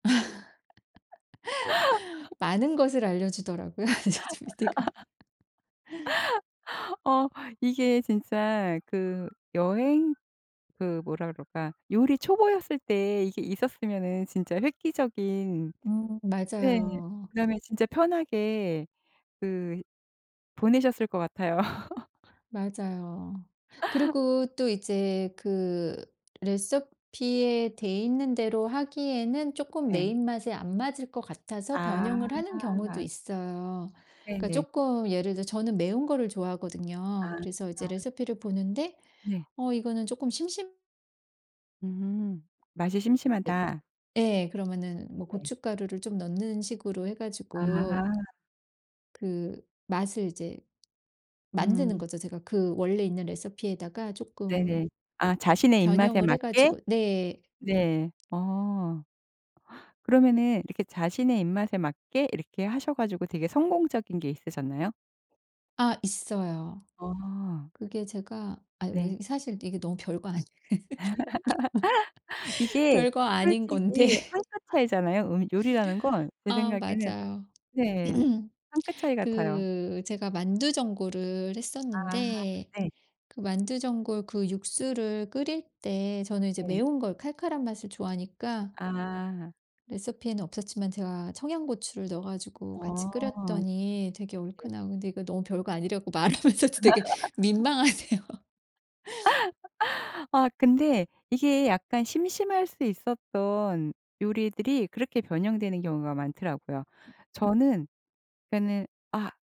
많은 것을 알려 주더라고요 이제 저 PD가. 어 이게 진짜 그 여행 그 뭐라 그럴까? 요리 초보였을 때 이게 있었으면은 진짜 획기적인 음 네. 맞아요. 그다음에 진짜 편하게 그 보내셨을 것 같아요. 맞아요. 그리고 또 이제 그 레시피에 돼 있는 대로 하기에는 쪼끔 내 네. 입맛에 안 맞을 것 같아서 아. 변형을 하는 경우도 있어요. 그러니까 네네. 쪼끔 예를 들어 저는 매운 거를 좋아하거든요. 그래서 이제 아. 레시피를 보는데 네. 어 이거는 쪼끔 심심 음 맛이 할 땐 심심하다. 예. 그러면은 뭐 네. 고춧가루를 좀 넣는 식으로 해 가지고 아. 그 맛을 이제 만드는 음. 거죠 제가 그 원래 있는 레시피에다가 쪼끔 네네. 아 자신의 입맛에 변형을 해 맞게. 가지고. 네. 네 어. 그러면은 이렇게 자신의 입맛에 맞게 이렇게 하셔 가지고 되게 성공적인 게 있으셨나요? 아 있어요. 어. 그게 제가 아이 네. 뭐지 사실 이게 너무 별거 아니에 이게 별거 아닌 건데 솔직히 한 끗 차이잖아요. 음 요리라는 건 제 아 생각에는 맞아요. 네 한 끗 차이 같아요. 그 제가 만두전골을 아 했었는데 네. 그 만두전골 그 육수를 끓일 때 저는 이제 네. 매운 걸, 칼칼한 맛을 좋아하니까 아. 레시피에는 없었지만 제가 청양고추를 넣어 가지고 같이 어. 끓였더니 되게 얼큰하고 근데 이거 너무 별거 아니라 갖고 말하면서도 되게 민망하네요. 아 근데 이게 약간 심심할 수 있었던 요리들이 그렇게 변형되는 경우가 많더라고요. 저는 그러니까는 아.